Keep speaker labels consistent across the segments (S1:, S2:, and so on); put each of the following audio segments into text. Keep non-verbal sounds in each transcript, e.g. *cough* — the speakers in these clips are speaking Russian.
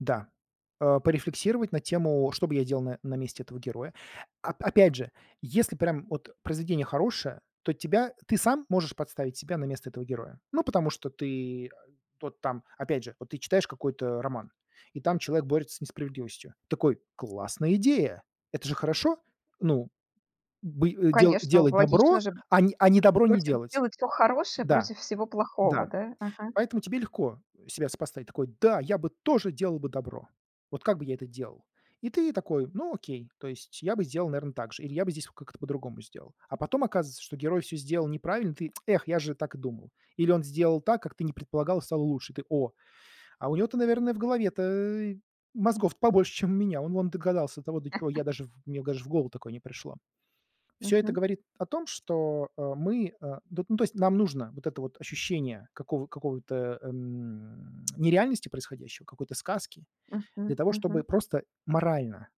S1: Да. А, порефлексировать на тему: что бы я делал на на месте этого героя? Оп опять же, если прям от произведение хорошее, то тебя ты сам можешь подставить себя на место этого героя. Ну, потому что ты, а, тот там опять же, вот ты читаешь какой-то роман, и там человек борется с несправедливостью. Такой: "Классная идея!" Это же хорошо? Ну. Бы э, дела
S2: Конечно,
S1: делать добро,
S2: логично же.
S1: а не а не добро не
S2: Против
S1: делать.
S2: делать всё хорошее
S1: Да,
S2: против всего плохого,
S1: да.
S2: да, ага.
S1: Поэтому тебе легко себя сопоставить. Такой: "Да, я бы тоже делал бы добро! Вот как бы я это делал?" И ты такой: "Ну, окей, то есть я бы сделал, наверно, так же, или я бы здесь вот как-то по-другому сделал". А потом оказывается, что герой всё сделал неправильно, ты: *tsk* "Эх, я же так и думал". Или он сделал так, как ты не предполагал, и стало лучше. И ты: "О! А у него-то, наверное, в голове-то мозгов-то побольше, чем у меня. Он вон догадался, до того до чего
S2: *laughs*
S1: я даже в мне даже в голову такое не пришло". Всё это
S2: Мгм.
S1: говорит о том, что, а, мы, а, дот ну, то есть нам нужно вот это вот ощущение какого какого-то, эм *smacks lips* нереальности происходящего, какой-то сказки. Для
S2: Мгм.
S1: того, чтобы
S2: Мгм.
S1: просто морально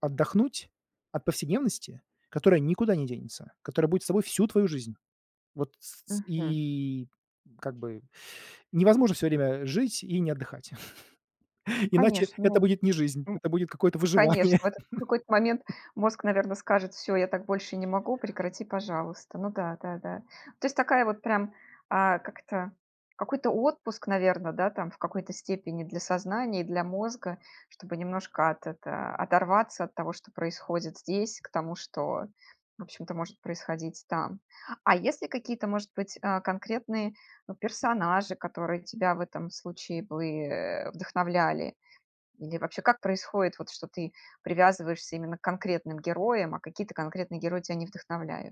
S1: отдохнуть от повседневности, которая никуда не денется, которая будет с тобой всю твою жизнь. Вот. С с
S2: Мгм.
S1: и как бы *inhales* невозможно всё время жить и не отдыхать. *chuckles* Иначе
S2: Конечно,
S1: это
S2: о
S1: будет не жизнь,
S2: м
S1: это будет какое-то выживание.
S2: конечно, в этот в какой-то момент
S1: *laughs*
S2: мозг, наверно, скажет: "Всё, я так больше не могу, прекрати, пожалуйста". Ну да, да, да. То есть такая вот прям, а, как это? Какой-то отпуск, наверно, да, там, в какой-то степени для сознания и для мозга, чтобы немножко от это оторваться от того, что происходит здесь, к тому, что, в общем-то, может происходить там. А есть ли какие-то, может быть, а, конкретные, персонажи, которые тебя в этом случае бы, э, вдохновляли? Или вообще, как происходит вот, что ты привязываешься именно к конкретным героям, а какие-то конкретные герои тя не вдохновляют?